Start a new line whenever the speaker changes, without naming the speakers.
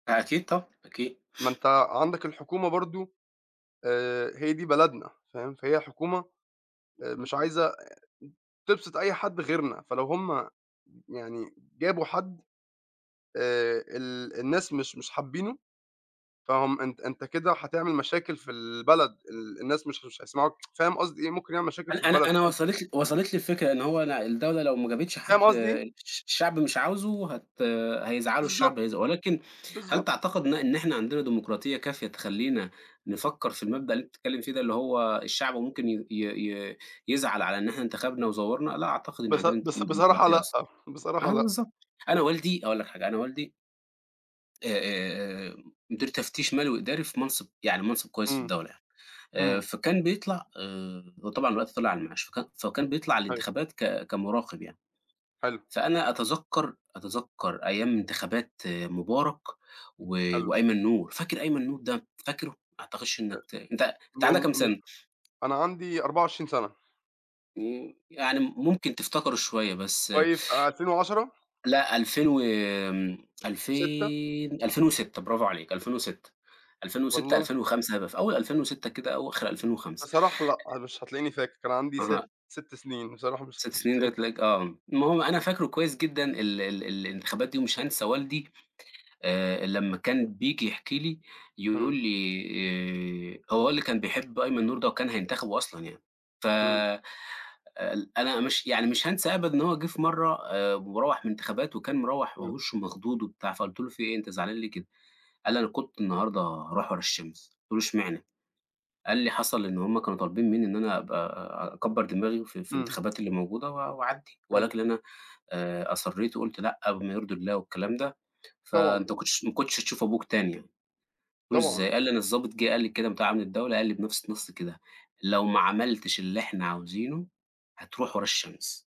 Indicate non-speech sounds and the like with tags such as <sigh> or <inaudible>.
أكيد طبعًا، أكيد.
ما أنت عندك الحكومة برضه آآ هي دي بلدنا فاهم، فهي الحكومة مش
<unintelligible>
عايزة تبسط أي حد غيرنا، فلو هُم يعني جابوا حد آآ ال الناس مش مش حابينّه، فهُم أنت أنت كده هتعمل مشاكل في البلد ال الناس مش مش هيسمعوك <tsk> فاهم قصدي إيه؟ ممكن يعمل مشاكل في
أنا أنا
البلد.
أنا
<unintelligible>
وصلت لي وصلت لي الفكرة إن هو أنا الدولة لو ما جابتش حد
فاهم قصدي إيه؟
الش الشعب مش عاوزه هت هيزعلوا الشعب
بالضبط
هيز ولكن هل
بالضبط.
تعتقد إن إ إن إحنا عندنا ديمقراطية كافية تخلينا نفكّر في المبدأ اللي أنت بتتكلّم فيه ده، اللي هو الشعب ممكن ي ي ي يزعل على إن إحنا انتخبنا وزوّرنا! لأ، أعتقد إن
بص
عندنا <unintelligible>
بص بصراحة
ديمقراطية
لأ،
أصلًا.
بصراحة
آه
لأ.
بالضبط أنا والدي أقول لك حاجة أنا والدي. أ أ أ مدير تفتيش مالي وإداري في منصب يعني منصب كويّس في
إمم.
الدولة يعني، آآ،
إمم.
فكان بيطلع آآ هو طبعًا دلوقتي طلع على المعاش فك فكان بيطلع
حلو.
الانتخابات ك كمراقب يعني.
حلو.
فأنا أتذكر أتذكر أيام انتخابات مبارك و
حلو.
وأيمن نور، فاكر أيمن نور ده؟ فاكره؟ ما أعتقدش
أ
إنك ت أنت أنت عندك
والل
كام
م
سنة؟
أنا عندي 24 سنة.
امم يعني ممكن تفتكره شويّة بس
طيب في 2010؟
لأ 2000 وآمم،
و6؟
ألفين 2006 برافو عليك، 2006، ألفين وستة،
والله.
ألفين وخمسة هيبقي في أوّل 2006 كده أو آخر 2005.
بصراحة لأ مش هتلاقيني فاكر كان عندي
<unintelligible>
ست 6 سنين بصراحة مش
6
مش
سنين ده
هتلاقيني فاكر.
تلاقيك آه المهم أنا فاكره كويّس جدًا ال ال الانتخابات دي ومش هانسى والدي آآ لمّا كان بييجي يحكي لي يقول
إمم.
لي آآ، هو والدي كان بيحب أيمن نور ده، وكان هينتخبه أصلًا يعني ف
إمم.
ل أنا مش يعني مش هانسى أبدَا إن هو جِه في مرّة آآ مروّح من الانتخابات، وكان مروّح وهو
إمم.
وشّه مخضوض وبتاع فقُلت له: "في إيه أنت زعلان ليه كده؟" قال لي: "أنا كنت النهارده هاروح ورا الشمس" قُلت له: "إشمعنى؟" قال لي: "حصل إنّه هُم كانوا طالبين مِنّي إن أنا أبقى أكبّر دماغي في في
إمم.
الانتخابات اللي موجودة و وأعدّي،
حلو.
ولكن أنا آآ أصرّيت وقُلت لأ بما يرضي الله والكلام ده
طبعًا.
فأنت ما كُنتش ما كُنتش هتشوف أبوك تاني يعني" قُلت له:
طبعًا.
"إزاي؟" قال لي: "أنا الظابط جِه قال لي كده بتاع أمن الدولة قال لي بنفْس النَص كده: لو ما عملتش اللي إحنا عاوزينه هتروح ورا الشمس."